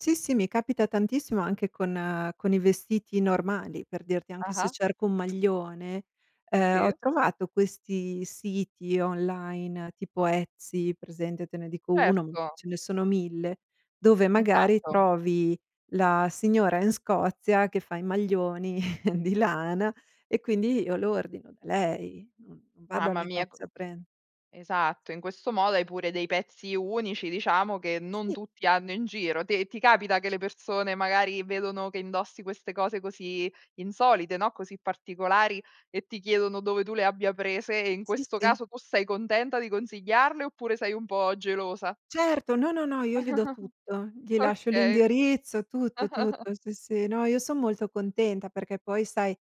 Sì, sì, mi capita tantissimo, anche con con i vestiti normali, per dirti, anche se Ah-ah. cerco un maglione, uhm, ho Sì. trovato questi siti online tipo Etsy, presente? Te ne dico 1, m Certo. ce ne sono 1000, dove magari Esatto. trovi la signora in Scozia che fa i maglioni di lana e quindi io lo ordino da lei. Non non vado al Mamma mia, co negozio a pren esatto, in questo modo hai pure dei pezzi unici, diciamo, che non Sì. tutti hanno in giro. Te ti capita che le persone, magari, vedono che indossi queste cose così insolite, no, così particolari e ti chiedono dove tu le abbia prese? E in Sì, questo sì. caso tu sei contenta di consigliarle, oppure sei un po' gelosa? Certo, no, no, no, io gli do tutto. Gli lascio Okay. l'indirizzo, tutto, tutto. Sì, sì, no, io son molto contenta, perché poi, sai,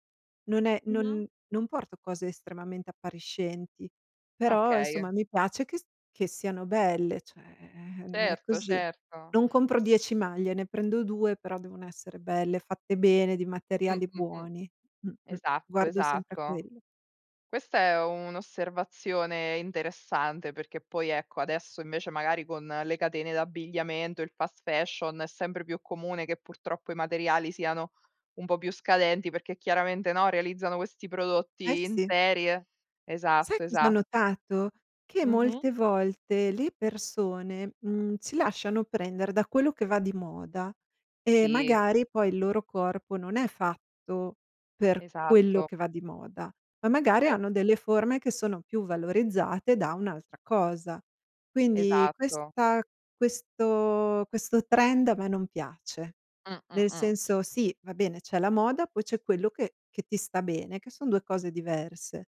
non è Mh-mh. non non porto cose estremamente appariscenti, però, Okay. insomma, mi piace che st che siano belle, cioè, ehm, è Certo, così. certo. Non compro 10 maglie, ne prendo 2, però devono essere belle, fatte bene, di Mh, materiali mh, mh. buoni. Mh-mh. Esatto, Guardo sempre a esatto. quello. Questa è un'osservazione interessante perché poi, ecco, adesso invece magari con le catene d'abbigliamento, il fast fashion, è sempre più comune che, purtroppo, i materiali siano un po' più scadenti, perché chiaramente, no, realizzano questi Eh, prodotti in sì. serie. Sai Esatto, cos'ho esatto. notato? Che Mh-mh. molte volte le persone, mhmm, si lasciano prendere da quello che va di moda, e Sì. magari poi il loro corpo non è fatto per quello Esatto. che va di moda, ma magari hanno Certo. delle forme che sono più valorizzate da un'altra cosa. Quindi, Esatto. questa questo questo trend a me non piace. Mh, mh, Nel mh. senso, sì, va bene, c'è la moda, poi c'è quello che che ti sta bene, che son 2 cose diverse.